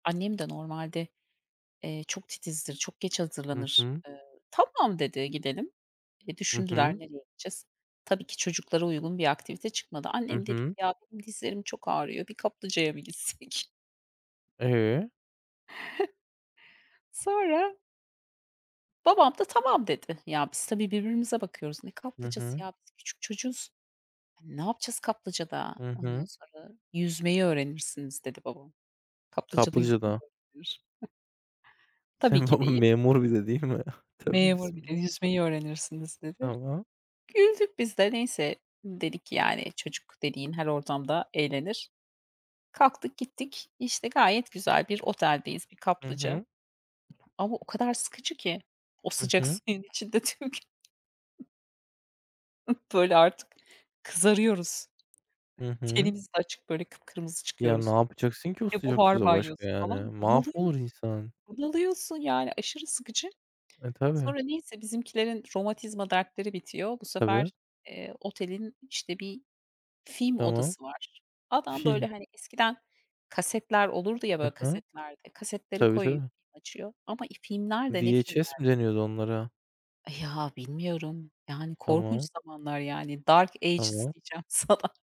Annem de normalde, eee, çok titizdir, çok geç Hı hazırlanır. hı. Iıı, tamam dedi, gidelim. E, Hı düşündüler hı. nereye gideceğiz. Tabii ki çocuklara uygun bir aktivite çıkmadı. Hı Annem dedi ki hı. "Ya benim dizlerim çok ağrıyor. Bir kaplıcaya mı gitsek?" E? Sonra babam da tamam dedi. Ya, biz tabii birbirimize bakıyoruz. Ne Hı kaplıcası, hı. ya? Biz küçük çocuğuz. Hani, ne yapacağız kaplıcada? Hı Ondan hı. sonra yüzmeyi öğrenirsiniz dedi babam. Kaplıcada yüzme mi Kaplıcada. öğrenilir? Tabii Senin ki baban deyip memur bir de değil mi? Tövbe Memur bir de bismillah. yüzmeyi öğrenirsiniz dedi. [unintelligible] Güldük biz de. Neyse, dedik yani çocuk dediğin her ortamda eğlenir. Kalktık, gittik. İşte gayet güzel bir oteldeyiz, bir Hı kaplıca hı. ama o kadar sıkıcı ki o Hı sıcak hı. suyun içinde tüm gün. Ih, böyle artık kızarıyoruz. Hı hı. Tenimiz de açık böyle kıpkırmızı Ya, ne çıkıyoruz. yapacaksın ki o E, sıcak buhar suda başka banyosu yani? falan Mahvolur bunalıyoruz. insan. Bunalıyorsun yani aşırı sıkıcı. E, tabii. Sonra neyse bizimkilerin romatizma dertleri bitiyor. Bu Tabii. sefer, eee, otelin işte bir film Tamam. odası var. Adam böyle, Film. hani, eskiden kasetler olurdu ya Hı böyle hı. kasetlerde, kasetleri Tabii koyuyor, tabii. film açıyor ama, iii, filmler de ne VHS filmler? mi deniyordu onlara? Eh, ya, bilmiyorum. Yani, korkunç Tamam. zamanlar, yani, dark ages Tamam. diyeceğim sana.